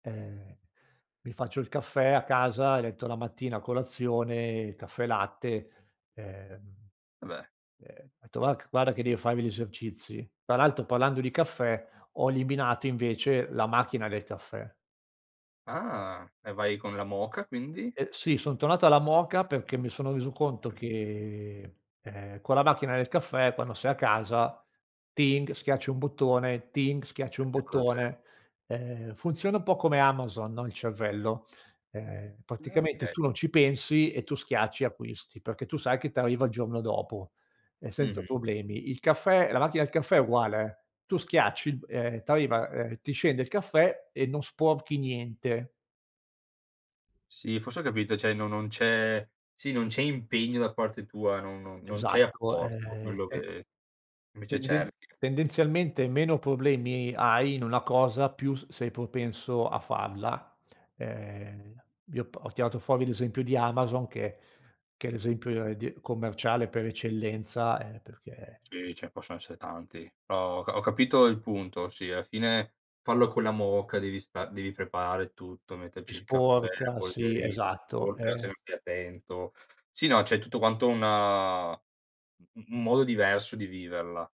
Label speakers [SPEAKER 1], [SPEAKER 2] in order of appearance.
[SPEAKER 1] Eh, mi faccio il caffè a casa e letto la mattina a colazione, caffè latte, ehm,
[SPEAKER 2] Eh beh.
[SPEAKER 1] ehm, ho detto: “Va c guarda che devo farmi gli esercizi”. Tra l'altro, parlando di caffè, ho eliminato, invece, la macchina del caffè.
[SPEAKER 2] Ah, e vai con la moka quindi?
[SPEAKER 1] Eh, sì, son tornato alla moka perché mi sono reso conto che, ehm, con la macchina del caffè, quando sei a casa, ting, schiacci un bottone, ting, schiacci un
[SPEAKER 2] E fa da sé.
[SPEAKER 1] bottone. Ehm, funziona un po' come Amazon, no, il cervello, ehm,
[SPEAKER 2] Uhm,
[SPEAKER 1] praticamente,
[SPEAKER 2] okay.
[SPEAKER 1] tu non ci pensi e tu schiacci e acquisti, perché tu sai che t'arriva il giorno dopo e senza
[SPEAKER 2] Mh-mh.
[SPEAKER 1] problemi. Il caffè la macchina del caffè è uguale, eh, tu schiacci, ehm, ti arriva, ehm, ti scende il caffè e non sporchi niente.
[SPEAKER 2] Sì, forse, ho capito, cioè, non non c'è sì, non c'è impegno da parte tua. Non non non c'è
[SPEAKER 1] Esatto,
[SPEAKER 2] apporto,
[SPEAKER 1] ehm
[SPEAKER 2] quello
[SPEAKER 1] te
[SPEAKER 2] che, invece, cerchi.
[SPEAKER 1] tenden-tendenzialmente meno problemi hai in una cosa più s-sei propenso a farla, ehm vi ho p ho tirato fuori l'esempio di Amazon che che è l'esempio di commerciale per eccellenza eh, perché...
[SPEAKER 2] Sì, ce ne possono essere tanti, però, ho ca ho capito il punto. Sì, alla fine, fallo con la moka, devi sta devi preparare tutto, metterci il caffè, la
[SPEAKER 1] Sporca, sì,
[SPEAKER 2] polverina,
[SPEAKER 1] esatto,
[SPEAKER 2] sporca,
[SPEAKER 1] eh.
[SPEAKER 2] sempre attento. Sì, no, c'è tutto quanto una un un modo diverso di viverla.